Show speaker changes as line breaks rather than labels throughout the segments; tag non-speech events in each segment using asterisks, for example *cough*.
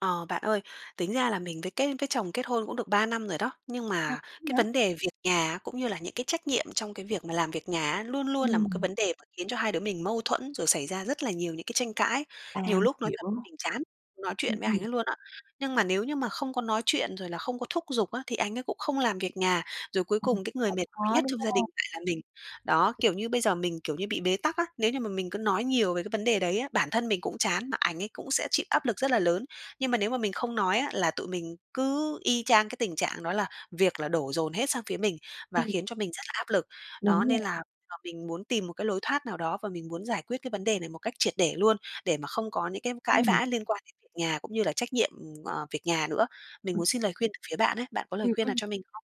Ờ, bạn ơi, tính ra là mình với kết với chồng kết hôn cũng được 3 năm rồi đó. Nhưng
À,
mà cái
nã
vấn đề việc nhà á, cũng như là những cái trách nhiệm trong cái việc mà làm việc nhà á, luôn luôn là một cái
Ừm.
vấn đề mà khiến cho hai đứa mình mâu thuẫn, rồi xảy ra rất là nhiều những cái tranh cãi.
À,
Nhiều
mình
lúc nói
hiểu.
thật mình chán nói
Ừm,
chuyện với
ừm.
anh ấy luôn á nhưng mà nếu như mà không có nói chuyện rồi là không có thúc giục á, thì anh ấy cũng không làm việc nhà. Rồi cuối
Ừm,
cùng cái người
cũng
mệt mỏi
khó,
nhất
đúng
trong gia
hông?
đình lại là mình. Đó, kiểu như bây giờ mình, kiểu như, bị bế tắc á. Nếu như mà mình cứ nói nhiều về cái vấn đề đấy á, bản thân mình cũng chán mà ảnh ấy cũng sẽ chịu áp lực rất là lớn nhưng mà nếu mà mình không nói á, là tụi mình cứ y chang cái tình trạng đó là việc là đổ dồn hết sang phía mình và
Ừm.
khiến cho mình rất là áp lực. Đó,
Đúng rồi.
nên là giờ mình muốn tìm một cái lối thoát nào đó và mình muốn giải quyết cái vấn đề này một cách triệt để luôn để mà không có những cái cãi
Ừm.
vã liên quan đến việc nhà cũng như là trách nhiệm, ừm, ờ, việc nhà nữa. Mình muốn xin lời khuyên từ phía bạn á. Bạn có lời
Ừm,
khuyên nào
ừm.
cho mình không?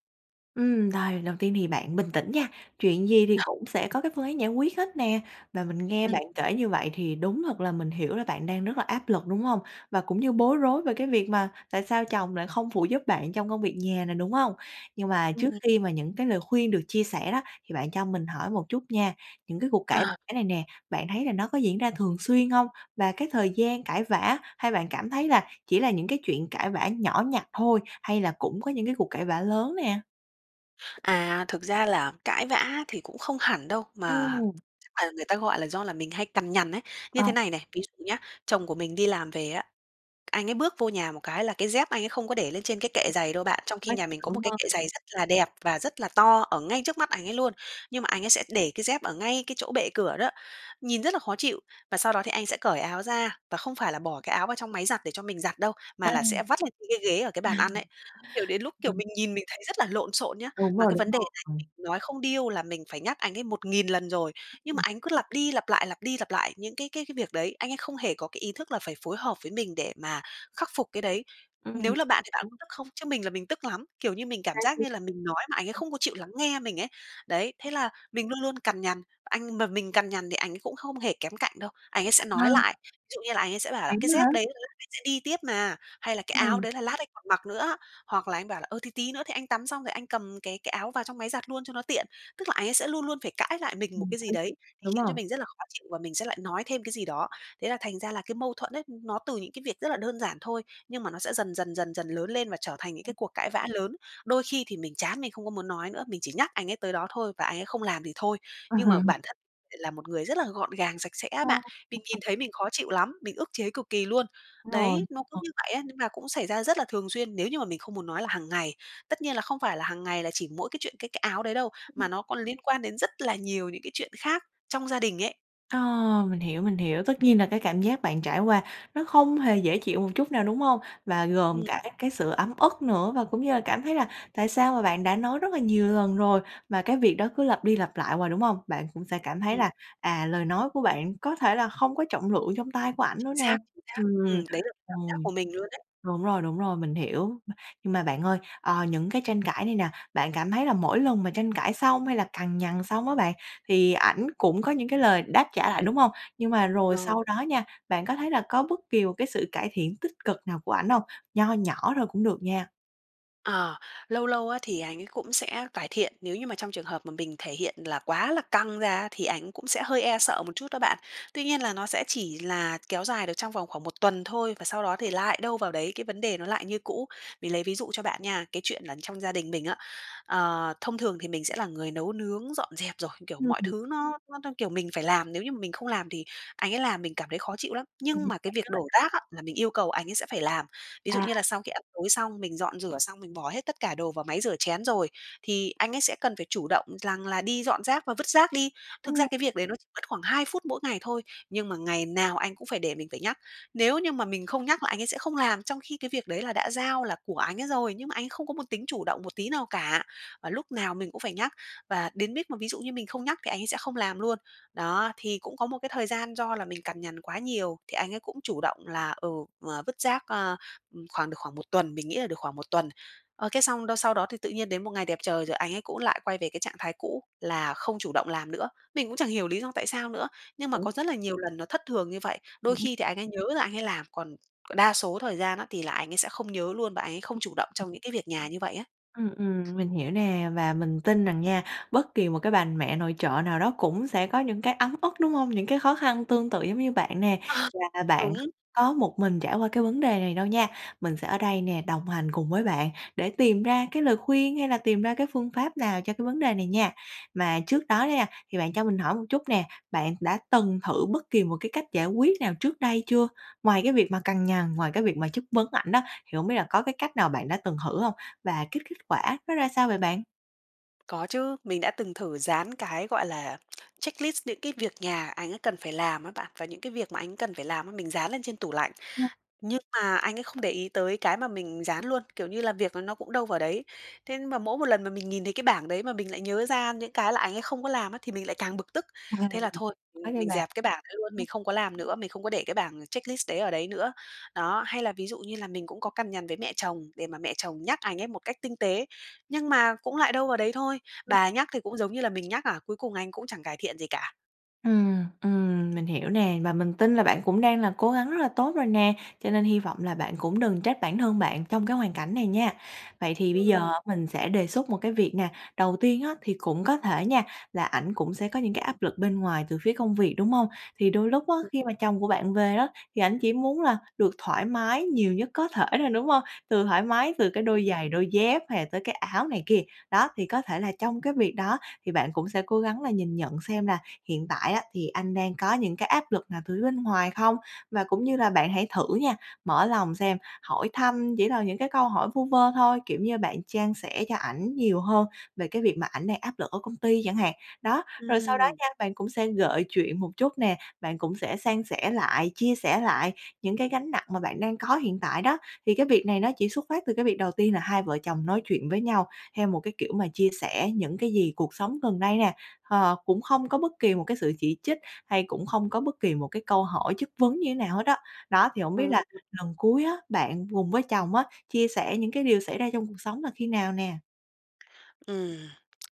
Ừm, rồi đầu tiên thì bạn bình tĩnh nha, chuyện gì thì cũng sẽ có cái phương án giải quyết hết nè. Và mình nghe
Ừm.
bạn kể như vậy thì đúng thật là mình hiểu là bạn đang rất là áp lực, đúng hông? Và cũng như bối rối về cái việc mà tại sao chồng lại không phụ giúp bạn trong công việc nhà nè, đúng hông? Nhưng mà trước
Ừm.
khi mà những cái lời khuyên được chia sẻ đó, thì bạn cho mình hỏi một chút nha. Những cái cuộc cãi
À.
vã này nè, bạn thấy là nó có diễn ra thường xuyên hông? Và cái thời gian cãi vã hay bạn cảm thấy là chỉ là những cái chuyện cãi vã nhỏ nhặt thôi hay là cũng có những cái cuộc cãi vã lớn nè?
À, thực ra là cãi vã thì cũng không hẳn đâu, mà
Ừm.
chắc là người ta gọi là do là mình hay cằn nhằn ấy. Như
À.
thế này này, ví dụ nhá, chồng của mình đi làm về á, anh ấy bước vô nhà một cái là cái dép anh ấy không có để lên trên cái kệ giày đâu bạn, trong khi
Bách
nhà mình có một
đúng
cái kệ
hông?
giày rất là đẹp và rất là to ở ngay trước mắt ảnh ấy luôn, nhưng mà ảnh ấy sẽ để cái dép ở ngay cái chỗ bệ cửa đó, nhìn rất là khó chịu. Và sau đó thì anh sẽ cởi áo ra, và không phải là bỏ cái áo vào trong máy giặt để cho mình giặt đâu,
À. À.
mà là sẽ vắt lên trên cái ghế ở cái bàn ăn ấy. Kiểu, đến lúc, kiểu,
Ừm.
mình nhìn mình thấy rất là lộn xộn nhá.
Đúng
Mà
rồi,
cái
đúng
vấn đề
rồi,
này
ừm.
mình nói không điêu là mình phải nhắc anh ấy 1000 lần rồi, nhưng mà
Ừm.
ảnh cứ lặp đi lặp lại, lặp đi lặp lại những cái cái cái việc đấy, anh ấy không hề có cái ý thức là phải phối hợp với mình để mà khắc phục cái đấy.
Ừm
Nếu là bạn thì bạn
hiểu.
có tức không? Chứ mình là mình tức lắm, kiểu như mình cảm giác
Cái
như là mình nói mà ảnh ấy không có chịu lắng nghe mình ấy. Đấy, thế là mình luôn luôn cằn nhằn. Anh mà mình cằn nhằn thì ảnh cũng không hề kém cạnh đâu, ảnh ấy sẽ nói
A.
lại, ví dụ như là ảnh ấy sẽ bảo là
Vậy
"Cái
á hả?
dép đấy đấy anh sẽ đi tiếp mà" hay là "Cái áo
Ừm.
đấy là lát anh còn mặc nữa." Hoặc là anh bảo là "Ờ, thì tí nữa thì anh tắm xong rồi anh cầm cái cái áo vào trong máy giặt luôn cho nó tiện." Tức là ảnh ấy sẽ luôn luôn phải cãi lại mình một
Bình
cái gì
tĩnh,
đấy, để
đúng
khiến cho
hông?
mình rất là khó chịu và mình sẽ lại nói thêm cái gì đó. Thế là thành ra là cái mâu thuẫn ấy, nó từ những cái việc rất là đơn giản thôi. Nhưng mà nó sẽ dần dần dần dần lớn lên và trở thành những cái cuộc cãi vã lớn. Đôi khi thì mình chán mình không có muốn nói nữa, mình chỉ nhắc anh ấy tới đó thôi và anh ấy không làm thì thôi, nhưng mà bản thân lại
*laughs*
là một người rất là gọn gàng, sạch sẽ á
Ờ.
bạn, mình nhìn thấy mình khó chịu lắm, mình ức chế cực kỳ luôn!
Rồi,
Đấy, nó cứ
ờ.
như vậy á, nhưng mà cũng xảy ra rất là thường xuyên, nếu như mà mình không muốn nói là hàng ngày. Tất nhiên là không phải là hàng ngày là chỉ mỗi cái chuyện cái cái áo đấy đâu, mà nó còn liên quan đến rất là nhiều những cái chuyện khác trong gia đình ấy.
Ờ, mình hiểu, mình hiểu. Tất nhiên là cái cảm giác bạn trải qua nó không hề dễ chịu một chút nào, đúng hông? Và gồm
Ừm.
cả các cái sự ấm ức nữa và cũng như là cảm thấy là tại sao mà bạn đã nói rất là nhiều lần rồi, mà cái việc đó cứ lặp đi lặp lại hoài, đúng hông? Bạn cũng sẽ cảm thấy
Ừm.
là, à, lời nói của bạn có thể là không có trọng lượng trong tai của ảnh nữa
Chính
nè
xác, chính xác.
ừm,
Ừm, đấy là cái cảm giác
ừm.
của mình luôn đấy.
Đúng rồi, đúng rồi, mình hiểu. Nhưng mà bạn ơi, ờ, những cái tranh cãi này nè, bạn cảm thấy là mỗi lần mà tranh cãi xong, hay là cằn nhằn xong á bạn, thì ảnh cũng có những cái lời đáp trả lại, đúng hông? Nhưng mà rồi
Ờ.
sau đó nha, bạn có thấy là có bất kỳ một cái sự cải thiện tích cực nào của ảnh hông? Nho nhỏ thôi cũng được nha.
Ờ, lâu lâu á thì anh ấy cũng sẽ cải thiện nếu như mà trong trường hợp mà mình thể hiện là quá là căng ra thì ảnh cũng sẽ hơi e sợ một chút đó bạn. Tuy nhiên là nó sẽ chỉ là kéo dài được trong vòng khoảng 1 tuần thôi, và sau đó thì lại đâu vào đấy, cái vấn đề nó lại như cũ. Mình lấy ví dụ cho bạn nha, cái chuyện là trong gia đình mình á, ờ, thông thường thì mình sẽ là người nấu nướng dọn dẹp rồi, kiểu, mọi
*unintelligible*
thứ nó nó nó, kiểu, mình phải làm, nếu như mà mình không làm thì anh ấy làm mình cảm thấy khó
Bạn
chịu lắm,
rất là đúng
nhưng
đấy.
mà cái việc đổ rác á, là mình yêu cầu anh ấy sẽ phải làm. Ví dụ
À.
như là sau khi ăn tối xong, mình dọn rửa xong, mình bỏ hết tất cả đồ vào máy rửa chén rồi, thì anh ấy sẽ cần phải chủ động rằng là đi dọn rác và vứt rác đi. Thực ra
Ừm.
cái việc đấy nó chỉ mất khoảng 2 phút mỗi ngày thôi, nhưng mà ngày nào anh cũng phải để mình phải nhắc. Nếu như mà mình không nhắc là anh ấy sẽ không làm trong khi cái việc đấy là đã giao là của anh ấy rồi, nhưng mà anh ấy không có một tính chủ động một tí nào cả, mà lúc nào mình cũng phải nhắc. Và đến mít mà ví dụ như mình không nhắc thì anh ấy sẽ không làm luôn. Đó, thì cũng có một cái thời gian do là mình cằn nhằn quá nhiều, thì anh ấy cũng chủ động là, ừ, ờ, vứt rác, ờ, ừm, khoảng được khoảng 1 tuần, mình nghĩ là được khoảng 1 tuần. Ơ, cái xong đâu, sau đó thì tự nhiên đến một ngày đẹp trời rồi anh ấy cũng lại quay về cái trạng thái cũ là không chủ động làm nữa, mình cũng chẳng hiểu lý do tại sao nữa, nhưng mà
Ủa?
có rất là nhiều lần nó thất thường như vậy. Đôi
Ừm hứm.
khi thì anh ấy nhớ là anh ấy làm, còn đa số thời gian á thì lại anh ấy sẽ không nhớ luôn và anh ấy không chủ động trong những cái việc nhà như vậy á.
Ừm, ừm, mình hiểu nè và mình tin rằng nha bất kỳ một cái bà mẹ nội trợ nào đó cũng sẽ có những cái ấm ức, đúng hông? Những cái khó khăn tương tự giống như bạn nè,
Ờ.
là bạn
Đúng.
có một mình trải qua cái vấn đề này đâu nha. Mình sẽ ở đây nè, đồng hành cùng với bạn để tìm ra cái lời khuyên, hay là tìm ra cái phương pháp nào cho cái vấn đề này nha. Mà trước đó đó nha, thì bạn cho mình hỏi một chút nè, bạn đã từng thử bất kỳ một cái cách giải quyết nào trước đây chưa? Ngoài cái việc mà cằn nhằn, ngoài cái việc mà chất vấn ảnh á, thì hông biết là có cái cách nào bạn đã từng thử hông? Và kết kết quả nó ra sao vậy bạn?
Có chứ. Mình đã từng thử dán cái gọi là checklist những cái việc nhà anh ấy cần phải làm á bạn. Và những cái việc mà anh cần phải làm, mình dán lên trên tủ lạnh. Nhưng mà anh ấy không để ý tới cái mà mình dán luôn, kiểu như là, việc nó cũng đâu vào đấy. Thế mà mỗi một lần mà mình nhìn thấy cái bảng đấy mà mình lại nhớ ra những cái là anh ấy không có làm á thì mình lại càng bực tức.
Ờ,
Thế là thôi, ừm,
có nha
mình
bạn.
dẹp cái bảng đấy luôn, mình không có làm nữa, mình không có để cái bảng checklist đấy ở đấy nữa. Đó, hay là ví dụ như là mình cũng có cằn nhằn với mẹ chồng để mà mẹ chồng nhắc anh ấy một cách tinh tế nhưng mà cũng lại đâu vào đấy thôi.
Ừm.
Bà nhắc thì cũng giống như là mình nhắc à, cuối cùng anh cũng chẳng cải thiện gì cả.
Ừm, ừm, mình hiểu nè. Và mình tin là bạn cũng đang là cố gắng rất là tốt rồi nè, cho nên hi vọng là bạn cũng đừng trách bản thân bạn trong cái hoàn cảnh này nha. Vậy thì bây giờ
Ừm.
mình sẽ đề xuất một cái việc nè. Đầu tiên á thì cũng có thể nha, là ảnh cũng sẽ có những cái áp lực bên ngoài từ phía công việc, đúng hông? Thì đôi lúc á khi mà chồng của bạn về đó, thì ảnh chỉ muốn là được thoải mái nhiều nhất có thể thôi, đúng hông? Từ thoải mái, từ cái đôi giày, đôi dép hay là tới cái áo này kia. Đó, thì có thể là trong cái việc đó thì bạn cũng sẽ cố gắng là nhìn nhận xem là hiện tại á thì anh đang có những cái áp lực nào từ phía bên ngoài không? Và cũng như là bạn hãy thử nha, mở lòng xem, hỏi thăm chỉ là những cái câu hỏi vu vơ thôi, kiểu như, bạn chan sẻ cho ảnh nhiều hơn về cái việc mà ảnh đang áp lực ở công ty chẳng hạn. Đó, rồi sau đó
Ừm.
nha, bạn cũng sẽ gợi chuyện một chút nè, bạn cũng sẽ san sẻ lại, chia sẻ lại những cái gánh nặng mà bạn đang có hiện tại đó. Thì cái việc này nó chỉ xuất phát từ cái việc đầu tiên là hai vợ chồng nói chuyện với nhau theo một cái kiểu mà chia sẻ những cái gì cuộc sống gần đây nè. Ờ, cũng không có bất kỳ một cái sự chỉ trích hay cũng không có bất kỳ một cái câu hỏi chất vấn như thế nào hết á. Đó thì hông
Ờ.
biết là lần cuối á, bạn cùng với chồng á, chia sẻ những cái điều xảy ra trong cuộc sống là khi nào nè?
Ừm, *tsk*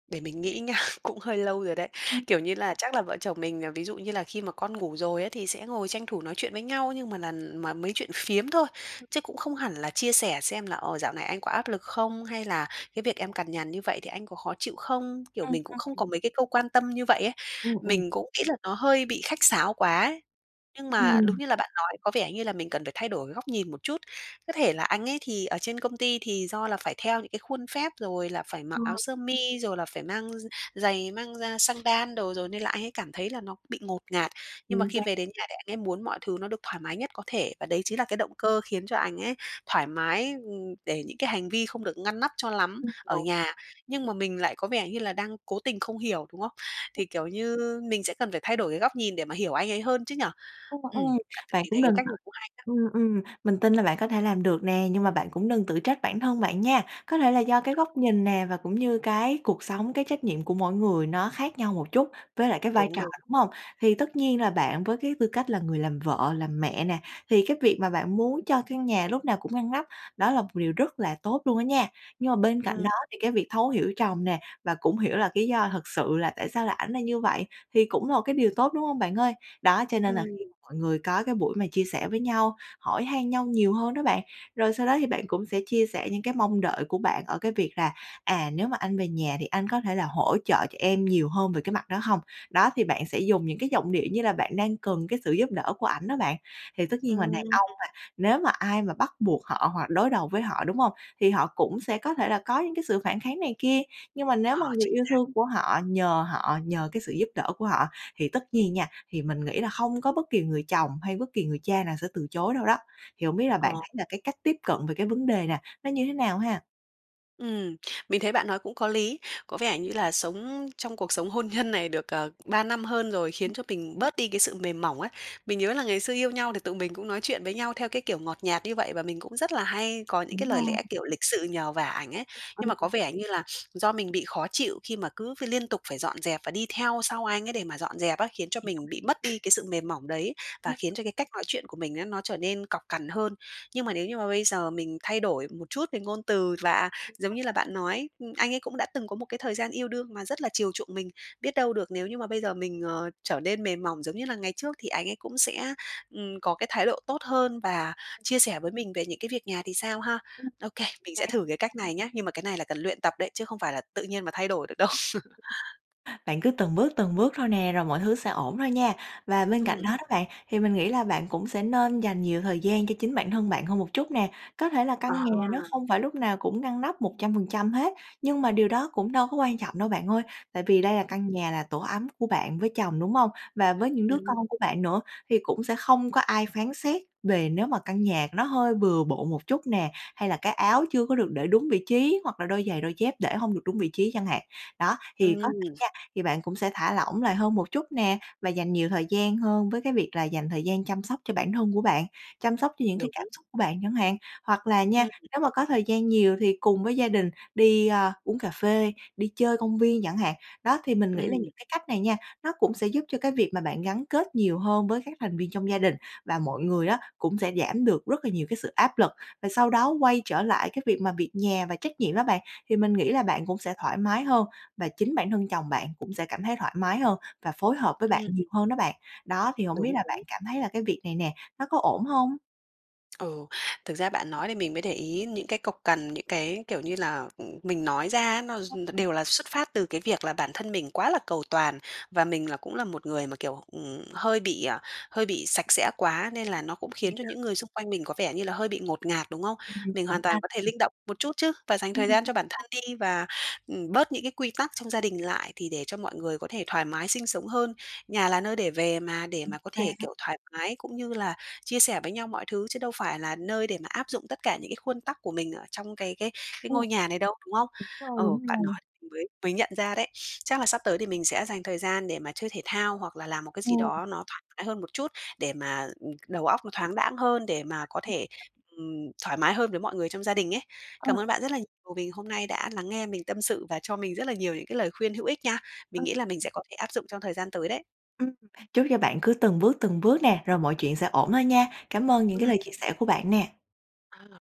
để mình nghĩ nha, cũng hơi lâu rồi đấy. Kiểu như là, chắc là vợ chồng mình ờ, ví dụ như là khi mà con ngủ rồi ấy, thì sẽ ngồi tranh thủ nói chuyện với nhau. Nhưng mà là mà mấy chuyện phiếm thôi, chứ cũng không hẳn là chia sẻ xem là, ờ, dạo này anh có áp lực không, hay là cái việc em cằn nhằn như vậy thì anh có khó chịu không? Kiểu,
Ừm,
mình cũng không
ừm.
có mấy cái câu quan tâm như vậy ấy,
Ừm, ừm.
mình cũng nghĩ là nó hơi bị khách sáo quá. Nhưng mà đúng
Ừm.
như là bạn nói, có vẻ như là mình cần phải thay đổi cái góc nhìn một chút. Có thể là anh ấy thì ở trên công ty thì do là phải theo những cái khuôn phép, rồi là phải mặc áo
Rồi.
sơ mi, rồi là phải mang giày mang ra xăng đan đồ rồi, nên là anh ấy cảm thấy là nó bị ngột ngạt. Nhưng mà
Chính
khi
xác.
về đến nhà thì anh ấy muốn mọi thứ nó được thoải mái nhất có thể và đấy chính là cái động cơ khiến cho anh ấy thoải mái, ừm, để những cái hành vi không được ngăn nắp cho lắm
Ừm,
ở
đúng.
nhà. Nhưng mà mình lại có vẻ như là đang cố tình không hiểu, đúng không? Thì, kiểu như, mình sẽ cần phải thay đổi cái góc nhìn để mà hiểu anh ấy hơn chứ nhỉ?
Ừm,
Ừm,
ừm.
bạn
Bạn
thì
cũng
thấy cái
đừng
cách
tự
này cũng hay đó.
ừm, ừm, mình tin là bạn có thể làm được nè nhưng mà bạn cũng đừng tự trách bản thân bạn nha. Có thể là do cái góc nhìn nè và cũng như cái cuộc sống, cái trách nhiệm của mỗi người nó khác nhau một chút với lại cái vai
Đúng,
trò,
đúng.
đúng hông? Thì tất nhiên là bạn với cái tư cách là người làm vợ, làm mẹ nè, thì cái việc mà bạn muốn cho căn nhà lúc nào cũng ngăn nắp đó là một điều rất là tốt luôn á nha. Nhưng mà bên cạnh
Ừm.
đó thì cái việc thấu hiểu chồng nè, và cũng hiểu là lý do thực sự là tại sao lại ảnh là như vậy thì cũng một cái điều tốt, đúng hông, bạn ơi? Đó, cho nên là
Ừm.
khi mọi người có cái buổi mà chia sẻ với nhau, hỏi han nhau nhiều hơn đó bạn. Rồi sau đó thì bạn cũng sẽ chia sẻ những cái mong đợi của bạn ở cái việc là "À, nếu mà anh về nhà thì anh có thể là hỗ trợ cho em nhiều hơn về cái mặt đó hông?" Đó, thì bạn sẽ dùng những cái giọng điệu như là bạn đang cần cái sự giúp đỡ của ảnh đó bạn. Thì tất nhiên là đàn
Ừm.
ông mà, nếu mà ai mà bắt buộc họ hoặc đối đầu với họ, đúng hông? Thì họ cũng sẽ có thể là có những cái sự phản kháng này kia. Nhưng mà nếu mà
Ờ,
người
chính
yêu
xác.
thương của họ nhờ họ, nhờ cái sự giúp đỡ của họ thì tất nhiên nha, thì mình nghĩ là hông có bất kỳ người chồng hay bất kỳ người cha nào sẽ từ chối đâu đó. Thì hổng biết là bạn
Ờ.
thấy là cái cách tiếp cận về cái vấn đề nè, nó như thế nào ha?
Ừm, mình thấy bạn nói cũng có lý. Có vẻ như là sống trong cuộc sống hôn nhân này được, ờ, 3 năm hơn rồi, khiến
Ưm.
cho mình bớt đi cái sự mềm mỏng ấy. Mình nhớ là ngày xưa yêu nhau thì tụi mình cũng nói chuyện với nhau theo cái kiểu ngọt nhạt như vậy. Và mình cũng rất là hay có những cái
Đúng
lời
rồi.
lẽ, kiểu, lịch sự nhờ vả ảnh ấy. Nhưng mà có
*unintelligible*
vẻ như là *sniffs* do mình bị khó chịu khi mà cứ phải liên tục phải dọn dẹp và đi theo sau anh ấy để mà dọn dẹp á, khiến cho mình bị mất
*unintelligible*
đi cái sự mềm mỏng đấy.
Ừ.
Và khiến cho cái cách nói chuyện của mình á, nó trở nên cọc cằn hơn. Nhưng mà nếu như mà bây giờ mình thay đổi một chút về ngôn từ, và giống như là bạn nói, anh ấy cũng đã từng có một cái thời gian yêu đương mà rất là chiều chuộng mình. Biết đâu được nếu như mà bây giờ mình, ờ, trở nên mềm mỏng giống như là ngày trước thì anh ấy cũng sẽ, ừm, có cái thái độ tốt hơn và chia sẻ với mình về những cái việc nhà thì sao ha?
Ừm.
Ô kê, mình
Xác
sẽ thử cái
xác.
cách này nhá. Nhưng mà cái này là cần luyện tập đấy, chứ không phải là tự nhiên mà thay đổi được đâu. *laughs*
Bạn cứ từng bước, từng bước thôi nè, rồi mọi thứ sẽ ổn thôi nha. Và bên cạnh
Ừm.
đó đó, bạn, thì mình nghĩ là bạn cũng sẽ nên dành nhiều thời gian cho chính bản thân bạn hơn một chút nè. Có thể là căn nhà nó
À!
không phải lúc nào cũng ngăn nắp 100% hết. Nhưng mà điều đó cũng đâu có quan trọng đâu, bạn ơi. Tại vì đây là căn nhà, là tổ ấm của bạn với chồng, đúng hông? Và với những đứa
Ừm.
con của bạn nữa thì cũng sẽ không có ai phán xét về nếu mà căn nhà nó hơi bừa bộn một chút nè. Hay là cái áo chưa có được để đúng vị trí hoặc là đôi giày, đôi dép để hông được đúng vị trí chẳng hạn. Đó, thì có thể
Ừm!
nha, thì bạn cũng sẽ thả lỏng lại hơn một chút nè và dành nhiều thời gian hơn với cái việc là dành thời gian chăm sóc cho bản thân của bạn, chăm sóc cho những cái cảm
Đúng.
xúc của bạn chẳng hạn. Hoặc là nha,
Ừm.
nếu mà có thời gian nhiều thì cùng với gia đình đi, ơ, uống cà phê, đi chơi công viên chẳng hạn. Đó, thì mình nghĩ là
Ừm.
những cái cách này nha, nó cũng sẽ giúp cho cái việc mà bạn gắn kết nhiều hơn với các thành viên trong gia đình. Và mọi người á, cũng sẽ giảm được rất là nhiều cái sự áp lực. Và sau đó quay trở lại cái việc mà việc nhà và trách nhiệm đó bạn, thì mình nghĩ là bạn cũng sẽ thoải mái hơn. Và chính bản thân chồng bạn cũng sẽ cảm thấy thoải mái hơn và phối hợp với bạn
Ừm.
nhiều hơn đó bạn. Đó, thì hổng biết
Đúng,
là bạn
đúng.
cảm thấy là cái việc này nè, nó có ổn hông?
Ừ. Thực ra bạn nói thì mình mới để ý những cái cộc cằn, những cái, kiểu như là, ừm, mình nói ra, nó d nó
Ừm.
đều là xuất phát từ cái việc là bản thân mình quá là cầu toàn và mình là cũng là một người mà, kiểu, ừm, hơi bị, ờ, hơi bị sạch sẽ quá, nên là nó cũng khiến cho
*unintelligible*
những người xung quanh mình có vẻ như là hơi bị ngột ngạt, đúng không?
Ừm.
Mình
Hổng
hoàn
ha
toàn có thể linh động một chút chứ và dành
Ừm
thời gian cho bản thân
*unintelligible*
đi và, ừm, bớt những cái quy tắc trong gia đình lại thì để cho mọi người có thể thoải mái sinh sống hơn. Nhà là nơi để về mà, để
Ừm.
mà có
Mà
thể,
á
kiểu, thoải mái cũng như là chia sẻ với nhau mọi thứ, chứ đâu phải là nơi để mà áp dụng tất cả những cái khuôn tắc của mình ở trong cái cái cái
Ừm.
ngôi nhà này đâu, đúng không?
Rồi,
Ờ,
đúng
bạn
rồi.
nói thì mình mới mới nhận ra đấy. *sniffs* Chắc là sắp tới thì mình sẽ dành thời gian để mà chơi thể thao, hoặc là làm một cái gì
Ừm.
đó nó thoải mái hơn một chút để mà, ừm, đầu óc nó thoáng đãng hơn, để mà có thể,
*unintelligible*
ừm, thoải mái hơn với mọi người trong gia đình ấy. Cảm
Ừm.
ơn bạn rất là nhiều vì hôm nay đã lắng nghe mình tâm sự và cho mình rất là nhiều những cái lời khuyên hữu ích nha. Mình
Ừm.
nghĩ là mình sẽ có thể áp dụng trong thời gian tới đấy.
Ừm. Chúc cho bạn cứ từng bước từng bước nè, rồi mọi chuyện sẽ ổn hơn nha! Cảm ơn những cái
Ừm.
lời chia sẻ của bạn nè!
À.